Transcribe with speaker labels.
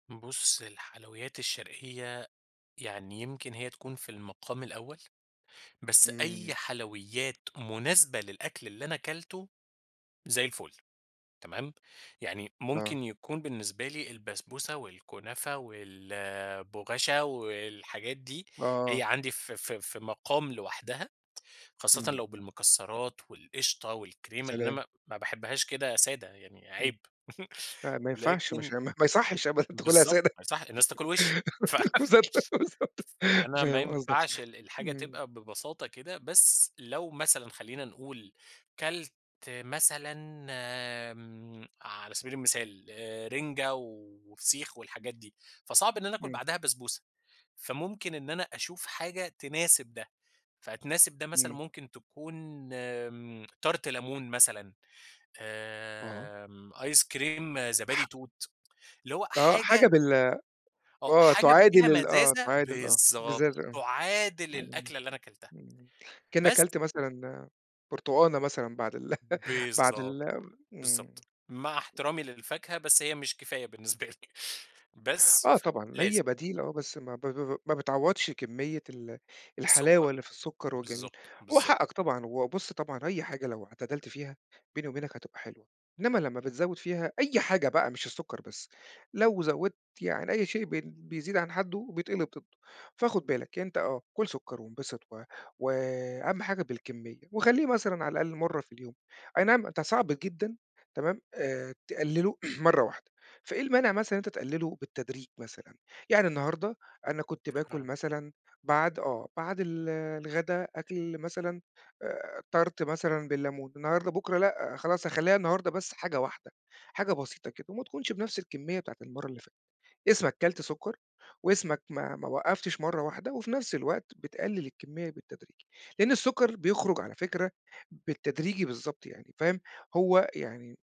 Speaker 1: بُص الحلويات الشرقية يعني يمكن هي تكون في المقام الأول، بس
Speaker 2: إمم
Speaker 1: أي حلويات مناسبة للأكل اللي أنا اكلته، زي الفل. تمام، يعني
Speaker 2: آه.
Speaker 1: ممكن يكون بالنسبة لي البسبوسة والكنافة والبغاشة والحاجات دي، هي
Speaker 2: آه.
Speaker 1: عندي في في في مقام لوحدها خاصةً
Speaker 2: إمم.
Speaker 1: لو بالمكسرات والقشطة
Speaker 2: يا
Speaker 1: والكريمة؛ لإن أنا
Speaker 2: سلام!
Speaker 1: ما ما باحبهاش كده سادة يعني
Speaker 2: إمم،
Speaker 1: عيب
Speaker 2: لا ما ينفعش ما ش
Speaker 1: لكن
Speaker 2: ما يصحش أبدًا تاكلها
Speaker 1: بالضبط
Speaker 2: سادة!
Speaker 1: ما يصح الناس تاكل وشي ف
Speaker 2: بالضبط، بالضبط
Speaker 1: فأنا ما
Speaker 2: فاهم قصدك،
Speaker 1: ينفعش ال الحاجة
Speaker 2: إمم.
Speaker 1: تبقى ببساطة كده، بس لو مثلًا خلّينا نقول اكلت مثلًا آمم، على سبيل المثال رنجة وفسيخ والحاجات دي، فصعب إن أنا آكل
Speaker 2: إمم.
Speaker 1: بعدها بسبوسة، فممكن إن أنا أشوف حاجة تناسب ده، فتناسب ده مثلًا
Speaker 2: إمم.
Speaker 1: ممكن تكون آمم Tart ليمون مثلًا
Speaker 2: آه.
Speaker 1: آمم، أيس كريم زبادي
Speaker 2: ح
Speaker 1: توت، اللي هو
Speaker 2: آه
Speaker 1: حاجة
Speaker 2: حاجة بال
Speaker 1: آه
Speaker 2: آه،
Speaker 1: حاجة فيها
Speaker 2: تعادل ال آه
Speaker 1: مزازة،
Speaker 2: تعادل آه، بالذات
Speaker 1: بالضبط، تعادل
Speaker 2: امم
Speaker 1: الأكلة اللي أنا اكلتها
Speaker 2: [unintelligible] كأنك
Speaker 1: بس
Speaker 2: اكلت مثلًا برتقانة مثلًا بعد ال بعد
Speaker 1: بالضبط،
Speaker 2: ال إمم.
Speaker 1: بالضبط. مع احترامي للفاكهة، بس هي مش كفاية بالنسبة لي بس
Speaker 2: آه
Speaker 1: ف
Speaker 2: طبعًا
Speaker 1: لازم.
Speaker 2: هي بديل آه بس ما ب ب ب ما بتعوضش كمية ال الحلاوة
Speaker 1: السكر،
Speaker 2: اللي في السكر وجميل.
Speaker 1: بالضبط،
Speaker 2: هو
Speaker 1: بالضبط.
Speaker 2: حقك طبعًا وبُص طبعًا أي حاجة لو اعتدلت فيها- بيني وبينك- هتبقى حلوة، إنما لمّا بتزوّد فيها، أي حاجة بقى مش السكر بس، لو زوّدت يعني أي شيء بن بيزيد عن حده بيتقلب ضده، فخد بالك أنت آه، كُل سكر وانبسط و و أهم حاجة بالكمية وخليه مثلًا على الأقل مرّة في اليوم. أينعم ده صعب جدًا تمام، آآ، تقلله مرّة واحدة، فإيه المانع مثلًا إن أنت تقلله بالتدريج مثلًا؟ يعني النهارده أنا كنت باكل
Speaker 1: [unintelligible]
Speaker 2: مثلًا، بعد آه، بعد ال الغدا أكل مثلًا آآ Tart مثلًا بالليمون، النهارده، بُكرة لأ خلاص هاخلّيها النهارده بس حاجة واحدة، حاجة بسيطة كده، وما تكونش بنفس الكمية بتاعة المرة اللي فاتت، اسمك اكلت سكر واسمك ما ما وقّفتش مرّة واحدة، وفي نفس الوقت بتقلل الكمية بالتدريج؛ لأن السكر بيخرج على فكرة بالتدريجي بالضبط يعني، فاهم، هو يعني